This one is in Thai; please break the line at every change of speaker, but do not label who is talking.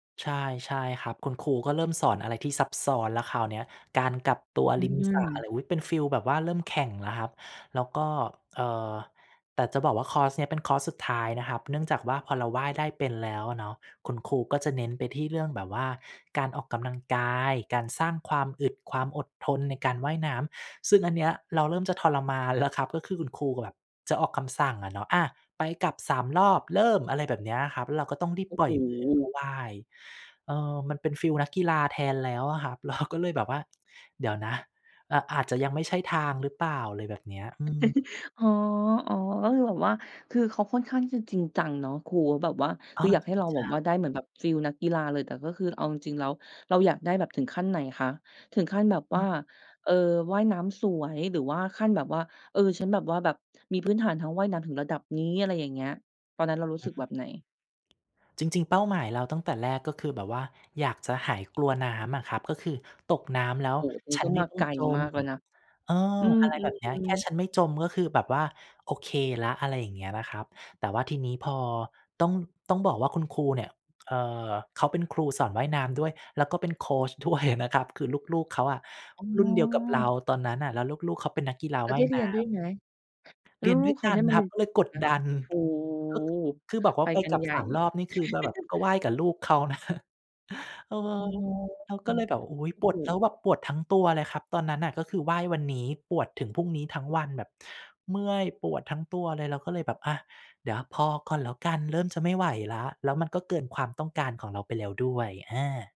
ใช่ ใช่ครับ คุณครูก็เริ่มสอนอะไรที่ซับซ้อนแล้วคราวเนี้ย การกลับตัว
อื
ริมสระอะไ
ม
ร อุ๊ย เป็นฟีลแบบว่า เริ่มแข่งแล้วครับ แล้วก็ เอ่อ แต่จะบอกว่า คอร์สนี้เป็นคอร์สสุดท้ายนะครับ เนื่องจากว่า พอเราว่ายได้เป็นแล้วอะเนาะ คุณครูก็จะเน้นไปที่เรื่องแบบว่า การออกกำลังกาย การสร้างความอึด ความอดทนในการว่ายน้ำ ซึ่งอันเนี้ยเราเริ่มจะทรมานแล้วครับ ก็คือคุณครูแบบจะออกคำสั่งอะเนาะ "อา ไปกลับ 3 รอบ เริ่ม" อะไรแบบนี้อะครับ แล้วเราก็ต้องรีบ
โอ้
ปล่
โ
อย [unintelligible] ก็
ฮ
ว่าย เอ่อ มันเป็นฟีลนักกีฬาแทนแล้วอะครับ เราก็เลยแบบว่า เดี๋ยวนะ อ อาจจะยังไม่ใช่ทางหรือเปล่า อะไรแบบเนี้ย อืม
อ๋อ อ๋อ ก็คือแบบว่า คือเขาค่อนข้างที่จะจริงจังเนาะ ครูเขาแบบว่า
อ๋
ค
อ
ืออยาก
จร
ให
ิ
้
ง
เรา
จ
แบ
ั
บว่า
ง
ได้เหมือนแบบฟีลนักกีฬาเลย แต่ก็คือเอาจริง ๆ แล้วเราอยากได้แบบถึงขั้นไหนคะ ถึงขั้นแบบ
ฮ
ว
ึ
่า เออ ว่ายน้ำสวย หรือว่าขั้นแบบว่า เออ ฉันแบบว่า แบบมี พื้นฐานทางว่ายน้ำถึงระดับนี้ อะไรอย่างเงี้ย ตอนนั้นเรารู้
อื
สึ
ม
กแบบไหน?
จริง ๆ เป้าหมายเราตั้งแต่แรก ก็คือแบบว่าอยากจะหายกลัวน้ำอะครับ ก็คือตกน้ำแล้ว
โอ้ อันนี้
ฉั
ก
น
็
ไม่
มา
ต้อ
ไก
ง
ล
จ
ม
ม
ากแล้วนะ
เอ่อ
อื
อะไรแบบนี้ แ
ม
ค่
ๆ
ฉันไม่จม ก็คือแบบว่าโอเคแล้ว อะไรอย่างเงี้ยนะครับ แต่ว่าทีนี้พอ ต้อง ต้องบอกว่าคุณครูเนี่ย เอ่อ เขาเป็นครูสอนว่ายน้ำด้วย แล้วก็เป็นโคชด้วยอะนะครับ คือ ลูก ๆ เขาอะ
อ๋
รุ่นเดียวกับเรา
อ
ตอนนั้นน่ะ แล้วลูก ๆ เขาเป็นนักกีฬา
แล้ว
ว่
ไ
า
ด้
ย
เร
น
ี
้
ยนด้ว
ำ
ยไหม แล้
เ
ว
รียน
ล
ด้
ู
ว
ก
ย
ๆ เข
ก
า
ั
ได
น
้มา
ค
เ
ร
ร
ั
ี
บ
ยน
ก็เลย
ก
ก
ัน
ด
ไหม?
ดัน
โอ้
ก็ คือแบบว่
ไป
าไป
กัน
กลับ
ใหญ
ส
่
าม รอบนี่ คือจะแบบ ก็ว่ายกับลูกเขา นะ เอ
อ๋อ
อ เราก็เลยแบบ อุ๊ย
ก็
ป
ถ
วด
ู
แล้
ก
วแบบปวดทั้งตัวเลยครับ ตอนนั้นน่ะ ก็คือว่ายวันนี้ ปวดถึงพรุ่งนี้ทั้งวัน แบบเมื่อยปวดทั้งตัวเลย เราก็เลยแบบ อา เดี๋ยวพอก่อนแล้วกัน เริ่มจะไม่ไหวแล้ว แล้วมันก็เกินความต้องการของเราไปแล้วด้วย อา